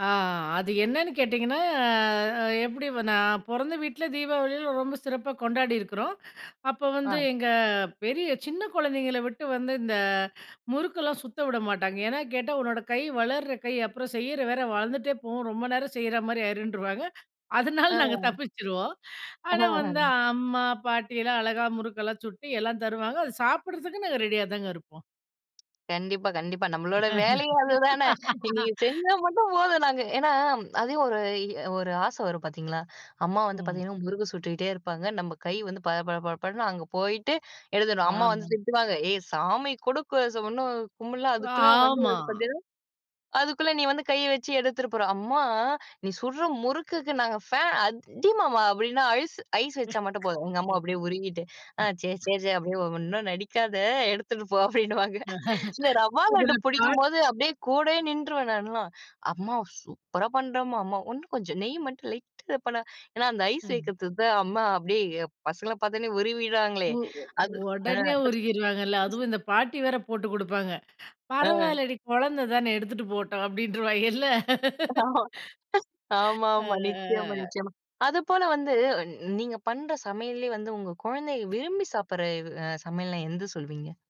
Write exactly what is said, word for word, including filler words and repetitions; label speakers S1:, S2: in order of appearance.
S1: ஆ. அது என்னன்னு கேட்டிங்கன்னா ஆ, அ எப்பிடி வ நான் பொறந்த வீட்ல தீபாவளியிலாம் ரொம்ப சிறப்பா கொண்டாடியிருக்கிறோம். அப்ப வந்து,
S2: ஆ.
S1: எங்க பெரிய சின்ன குழந்தைங்கள விட்டு வந்து இந்த முறுக்கெல்லாம் சுத்த விட மாட்டாங்க. ஏன்னா, கேட்டா உன்னோட கை வளர்ற கை அப்புறம் செய்யிற வேற வளர்ந்துட்டே போகும், ரொம்ப நேரம் செய்யிறமாரி ஆயிருன்றுவாங்க,
S2: ஆ,
S1: அதனால நாங்க
S2: ஆ.
S1: தப்பிச்சுருவோம்
S2: ஆ,
S1: ஆனா வந்து,
S2: ஆ.
S1: அம்மா பாட்டி எல்லாம் அழகா முறுக்கெல்லாம் சுட்டி எல்லாம் தருவாங்க. அது சாப்பிடறதுக்கு நாங்க ரெடியா தாங்க இருப்போம்.
S2: கண்டிப்பா. கண்டிப்பா. நம்மளோட வேலையே அதுதானே! நீங்க செஞ்சா மட்டும் போதும் நாங்க ஏன்னா அதையும் ஒரு இ ஒரு ஆசை வரும் பார்த்தீங்களா! அம்மா வந்து
S1: ம்.
S2: பார்த்தீங்கன்னா முருக்கு சுட்டுக்கிட்டே இருப்பாங்க, நம்ம கை வந்து பட பட பட படன்னு அங்கே போயிட்டு எழுதணும். அம்மா வந்து
S1: ஆமா.
S2: திட்டுவாங்க, ஏய்! சாமி கொடு ஸ இன்னும் கும்பிடல.
S1: உ.
S2: அதுக்குள்ள வந்து
S1: ஆமா.
S2: பார்த்தீங்கன்னா, அதுக்குள்ள நீ வந்து கைய வச்சு எடுத்துட்டு போறா! அம்மா! நீ சுடுற முறுக்குக்கு நாங்க ஃபேன் அதிமாவா அப்பிடின்னா ஐஸ், ஐஸ் வச்சா மட்டும் போதும், எங்க அம்மா அப்பிடியே உருகிட்டு, ஆ சரி,
S1: [unintelligible]
S2: சரி, சரி. அப்பிடியே ஒன்னும் நடிக்காத! எடுத்துட்டு போ! அப்பிடின்னுவாங்க. இல்ல ரவா லட்டு
S1: இதுல [unintelligible]
S2: பிடிக்கும்போது அப்பிடியே கூடயே நின்றுவேன் நான்லாம். அம்மா சூப்பரா பண்ணுறம்மா! அம்மா உன்னும் கொஞ்சம் நெய் மட்டும் லைட்டா இத பண்ணா, ஏன்னா அந்த ஐஸ்
S1: அ.
S2: வைக்கிறதுக்கு தான் அம்மா அப்பிடியே பசங்கள பார்த்தவுனே உருவிடுவாங்களே
S1: மு உ
S2: அது. ஆ.
S1: உடனே உருகிருவாங்கல்ல. அதுவும்
S2: [unintelligible]
S1: இந்த பாட்டி வேற போட்டு கொடுப்பாங்க,
S2: ஆ.
S1: பரவாயில்லடி குழந்தை தானே எடுத்துட்டு போட்டும் அப்பிடின்றுவாங்கல்ல.
S2: ஆமா,
S1: ஆ.
S2: ஆமா.
S1: ஆ.
S2: நிச்சயமா,
S1: ஆ.
S2: நிச்சயமா. அது போல வந்து, அ நீங்க பண்ற சமையல்லே வந்து உங்க குழந்தைக விரும்பி சாப்பிட்ற வ் அ சமையல்ன்னா எந்து சொல்லுவீங்க?